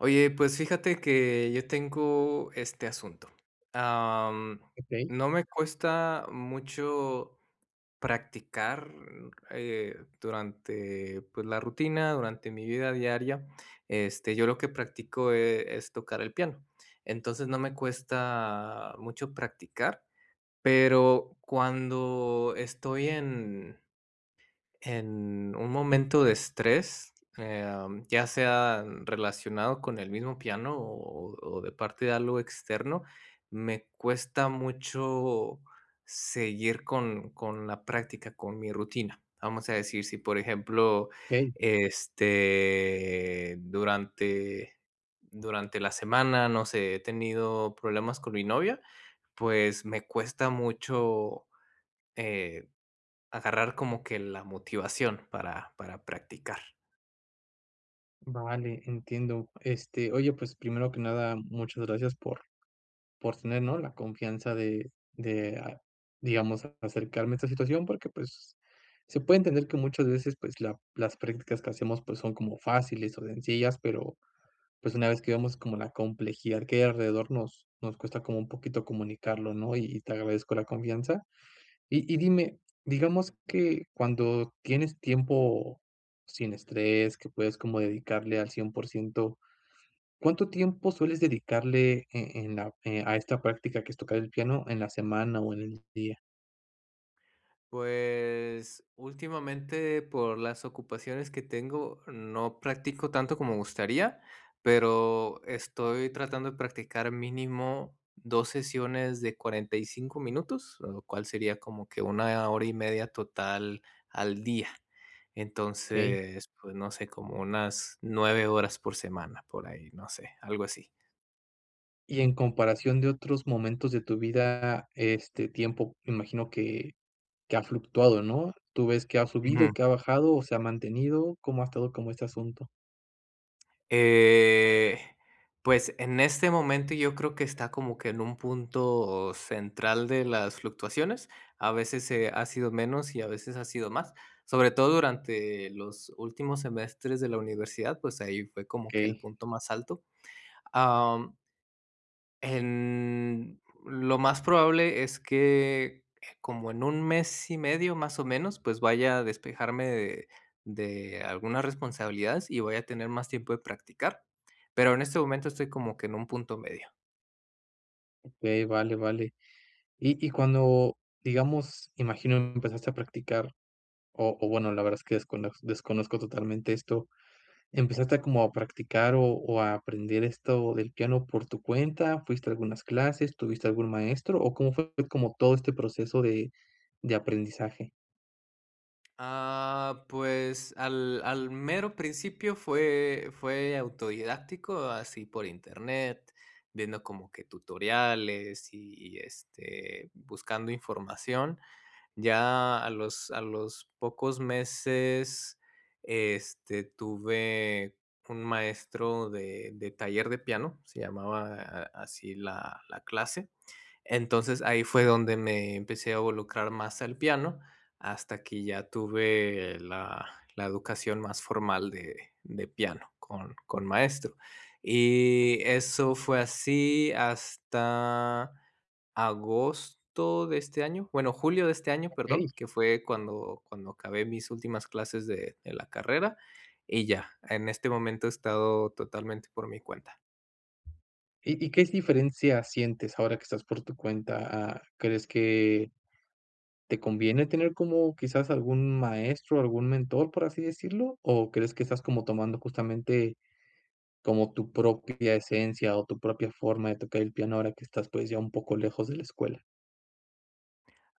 Oye, pues, fíjate que yo tengo este, asunto, am, Okey. no me cuesta mucho practicar, eh, durante pues, la rutina durante mi vida diaria, este, yo lo que practico, eh, es tocar el piano. Entonces no me cuesta mucho practicar, pero, cuando estoy en en un momento de estrés, eh, am, ya sea relacionado con el mismo piano, o o o de parte de algo externo, me cuesta mucho seguir con con la práctica, con mi rutina. Vamos a decir si, por ejemplo, Okey. este, durante durante la semana, no sé, he tenido problemas con mi novia, pues, me cuesta mucho, eh, agarrar como que la motivación para para practicar. Vale, entiendo, este, oye, pues, primero que nada, muchas gracias por por tener, ¿no?, la confianza de de, ah, digamos acercarme a esta situación porque pues, se puede entender que muchas veces, pues la las practicas que hacemos, pues, son como fáciles o sencillas, pero pues, una vez que vemos como la complejidad que hay alrededor nos nos cuesta como un poquito comunicarlo, ¿no? Y y te agradezco la confianza. Y y dime, digamos que cuando tienes tiempo, sin estrés que puedes como dedicarle al 100% ¿cuánto tiempo sueles dedicarle en en la eh, a esta práctica, que es tocar el piano en la semana, o en el día? Pues, últimamente por las ocupaciones que tengo no practico tanto como me gustaría, pero, estoy tratando de practicar mínimo, 2 sesiones de 45 minutos, lo cual sería como que 1 hora y media total al día. Okey. Entonces pues, no sé, como unas 9 horas por semana por ahí, no sé, algo así. Y en comparación de otros momentos de tu vida, este tiempo me imagino que que ha fluctuado, ¿no? Tú ves que ha subido, Ujú. que ha bajado, o se ha mantenido, ¿cómo ha estado, como este asunto? Eh, pues, en este momento yo creo que está como que en un punto central de las fluctuaciones. A veces, eh, ha sido menos y a veces ha sido más, sobre todo durante los últimos semestres de la universidad, pues, ahí fue como que el Okey punto más alto. Am en lo más probable es que como en 1 mes y medio más o menos, pues, vaya a despejarme de de algunas responsabilidades, y vaya a tener más tiempo de practicar, pero, en este momento estoy como que en un punto medio. Okey, vale vale. Y y cuando digamos, imagino que empezaste a practicar, o o bueno, la verdad es que descon desconozco totalmente esto, empezaste como a practicar o o a aprender esto del piano por tu cuenta? ¿Fuiste a algunas clases, tuviste algún maestro, o cómo fue como todo este proceso de de aprendizaje? Ah, pues, al al mero principio fue fue autodidáctico, así por internet, viendo como que tutoriales y, este, buscando información, ya a los a los pocos meses, este, tuve un maestro de de taller de piano, se llamaba así la la clase, entonces ahí fue donde me empecé a involucrar más el piano, hasta que ya tuve la la educación más formal de de piano con con maestro, y eso fue así hasta agosto de este año, bueno, julio de este año, perdón, Okey. que fue cuando cuando acabé mis últimas clases de de la carrera y ya, en este momento he estado totalmente por mi cuenta. ¿Y y qué diferencia sientes ahora que estás por tu cuenta? Ah, ¿crees que te conviene tener como quizás algún maestro, algún mentor, por así decirlo?, o ¿crees que estás como tomando justamente como tu propia esencia, o tu propia forma de tocar el piano ahora que estás, pues ya un poco lejos de la escuela?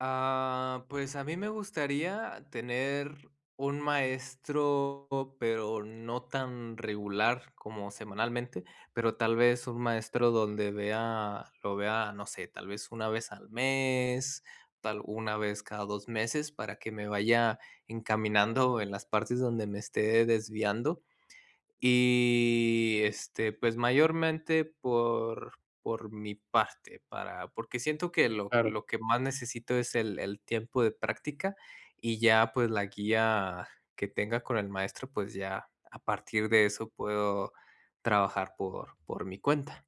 Ah, pues, a mí me gustaría tener un maestro, pero no tan regular como semanalmente, pero tal vez un maestro donde vea lo vea, no sé, tal vez 1 vez al mes, tal 1 vez cada 2 meses para que me vaya encaminando en las partes donde me esté desviando. Y, este, pues, mayormente por por mi parte para porque siento que lo Claro. lo que más necesito es el el tiempo de práctica y ya, pues la guía que tenga con el maestro, pues, ya a partir de eso puedo trabajar por por mi cuenta.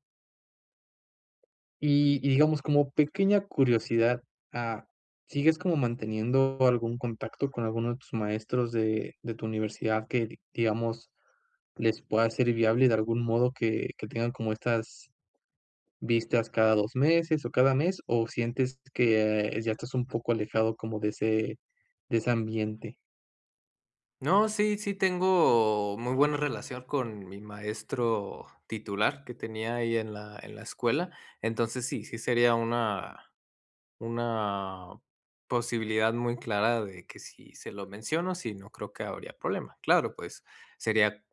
Y y digamos, como pequeña curiosidad, ah, ¿sigues como manteniendo algún contacto con alguno de tus maestros de de tu universidad que digamos les pueda ser viable de algún modo que que tengan como estas vistas cada 2 meses, o cada mes? O, ¿sientes que ya estás un poco alejado como de ese de ese ambiente? No, sí sí tengo muy buena relación con mi maestro titular, que tenía ahí en la en la escuela. Entonces sí sí, sería una una posibilidad muy clara, de que si se lo menciono, sí, no creo que habría problema. Claro, pues, sería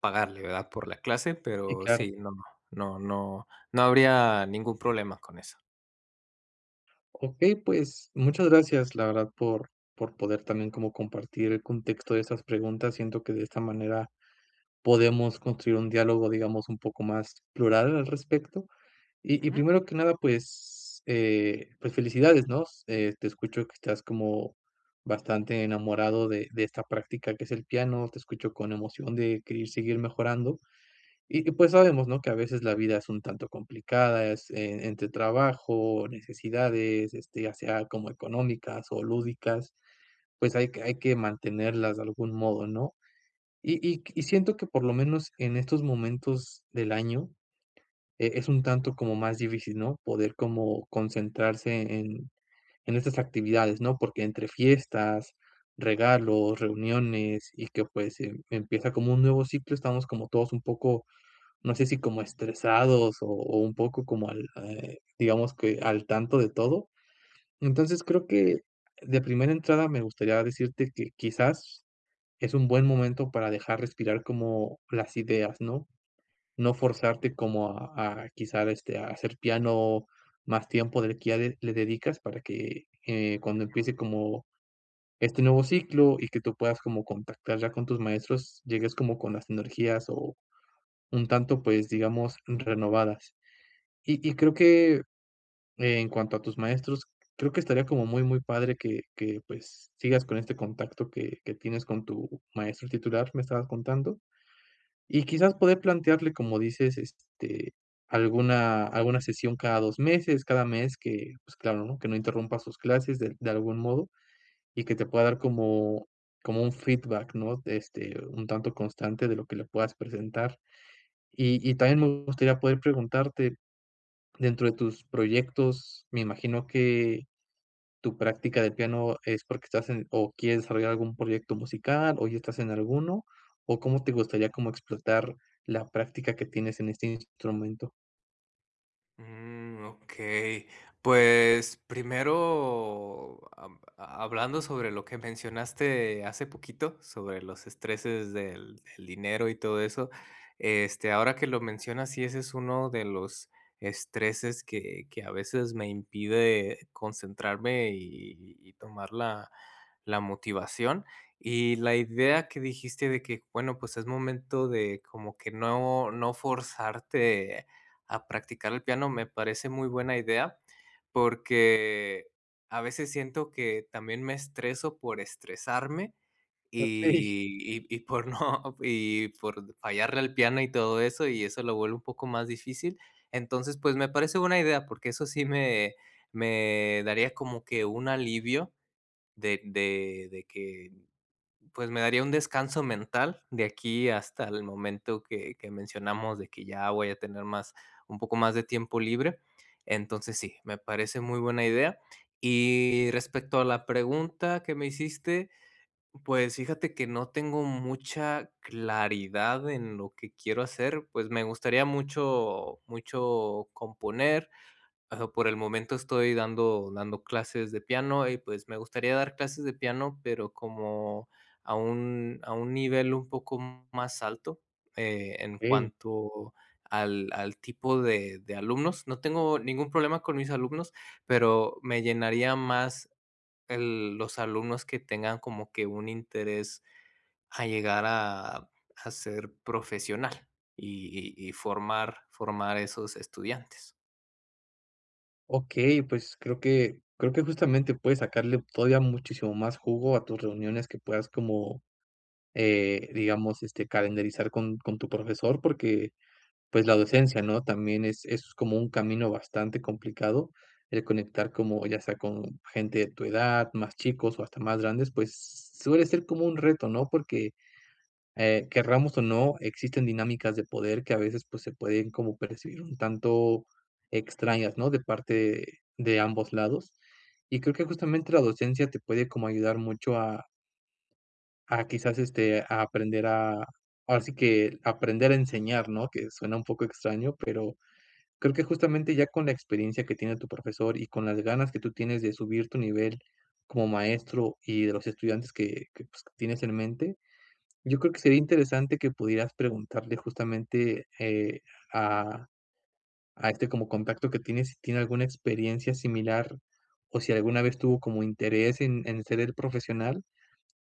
pagarle, ¿verdad? Por la clase, Sí, pero claro. sí, no, no, no, no, no habría ningún problema con eso. Okey, pues, muchas gracias, la verdad por por poder también como compartir el contexto de estas preguntas. Siento que de esta manera podemos construir un diálogo, digamos, un poco más plural al respecto. Y y Ujú. primero que nada, pues, eh, pues, felicidades ¿no? Eh, te escucho que estás como bastante enamorado de de esta práctica que es el piano, te escucho con emoción de querer seguir mejorando. Y y pues, sabemos ¿no? Que a veces la vida es un tanto complicada. Es, eh, entre trabajo, necesidades, este, ya sea como económicas o lúdicas, pues, hay que hay que mantenerlas de algún modo ¿no? Y y y siento que por lo menos en estos momentos del año, eh, es un tanto como más difícil, ¿no? Poder como concentrarse en en estas actividades ¿no? Porque entre fiestas, regalos, reuniones, y que pues, em, empieza como un nuevo ciclo, estamos como todos un poco, no sé, si como estresados o o un poco como al eh, digamos que al tanto de todo. Entonces creo que de primera entrada me gustaría decirte que quizás es un buen momento para dejar respirar como las ideas, ¿no? No forzarte como a a quizá este a hacer piano más tiempo del que ya de le dedicas para que, eh, cuando Ujú. empiece como este nuevo ciclo y que tú puedas como contactar ya con tus maestros, llegues como con las energías o un tanto, pues, digamos renovadas, y y creo que en cuanto a tus maestros, creo que estaría como muy muy padre que que pues, sigas con este contacto que que tienes con tu maestro titular, ¿me estabas contando? Y quizás, poder plantearle como dices, este, alguna alguna sesión cada dos meses, cada mes que pues claro ¿no? Que no interrumpa sus clases de de algún modo y que te pueda dar como como un feedback, ¿no? Este un tanto constante de lo que le puedas presentar. Y y también, me gustaría poder preguntarte dentro de tus proyectos, me imagino que tu práctica de piano es porque, ¿estás en, o quieres desarrollar algún proyecto musical, o ya estás en alguno? O, ¿cómo te gustaría como explotar la práctica que tienes en este instrumento? Mm, okey, pues, primero, am, ha hablando sobre lo que mencionaste hace poquito sobre los estreses del del dinero y todo eso, este, ahora que lo mencionas, sí, ese es uno de los estreses que que a veces me impide concentrarme y y tomar la la motivación, y la idea que dijiste de que bueno, pues, es momento de como que no no forzarte a practicar el piano, me parece muy buena idea, porque a veces siento que también me estreso por estresarme, Okey. y y y por no y por fallarle al piano y todo eso, y eso lo vuelve un poco más difícil. Entonces pues, me parece buena idea, porque eso sí me me daría como que un alivio, de de de que pues, me daría un descanso mental de aquí hasta el momento que que mencionamos de que ya voy a tener más un poco más de tiempo libre. Entonces, sí, me parece muy buena idea. Y respecto a la pregunta que me hiciste, pues, fíjate que no tengo mucha claridad en lo que quiero hacer, pues, me gustaría mucho mucho componer, ah, por el momento estoy dando dando clases de piano, y pues me gustaría dar clases de piano, pero, como a un a un nivel un poco más alto, eh, en Okey. cuanto al al tipo de de alumnos, no tengo ningún problema con mis alumnos, pero me llenaría más el los alumnos que tengan como que un interés a llegar a a ser profesional, y y y formar formar esos estudiantes. Okey, pues, creo que creo que justamente puedes sacarle todavía muchísimo más jugo a tus reuniones que puedas como, eh, digamos, este, calendarizar con con tu profesor porque, pues, la docencia, ¿no?, también es es como un camino bastante complicado el conectar, como ya sea con gente de tu edad, más chicos, o hasta más grandes, pues, suele ser como un reto, ¿no?, porque, eh, querramos o no, existen dinámicas de poder que a veces, pues, se pueden como percibir un tanto extrañas, ¿no?, de parte de ambos lados. Y creo que justamente la docencia te puede como ayudar mucho a a quizás, este, a aprender a ahora sí que aprender a enseñar, ¿no?, que suena un poco extraño. Pero, creo que justamente ya con la experiencia que tiene tu profesor, y con las ganas que tú tienes de subir tu nivel como maestro, y de los estudiantes que que pues, que tienes en mente, yo creo que sería interesante que pudieras preguntarle justamente, eh, a a este como contacto que tienes, si tiene alguna experiencia similar, o si alguna vez tuvo como interés en en ser él profesional,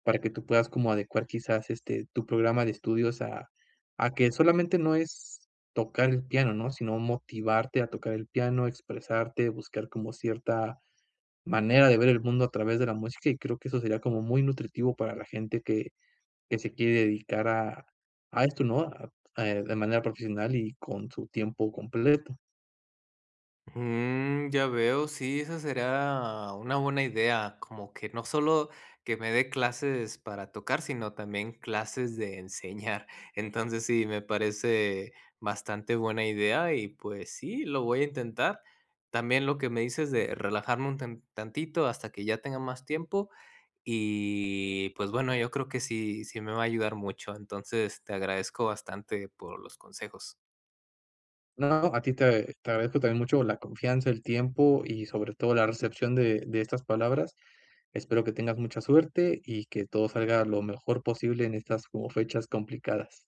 para que tú puedas como adecuar quizás, este, tu programa de estudios a a que solamente no es tocar el piano, ¿no?, sino motivarte a tocar el piano, expresarte, buscar como cierta manera de ver el mundo a través de la música. Y creo que eso sería como muy nutritivo para la gente que que se quiere dedicar a a esto, ¿no?, a a eh, de manera profesional y con su tiempo completo. Mm, ya veo. Sí, eso sería una buena idea, como que no solo que me dé clases para tocar, sino también clases de enseñar. Entonces sí, me parece bastante buena idea y pues sí, lo voy a intentar. También lo que me dices de relajarme un tan tantito hasta que ya tenga más tiempo y, pues bueno, yo creo que sí, sí me va a ayudar mucho. Entonces, te agradezco bastante por los consejos. No, a ti, te te agradezco también mucho la confianza, el tiempo y sobre todo, la recepción de de estas palabras. Espero que tengas mucha suerte, y que todo salga lo mejor posible en estas como fechas complicadas.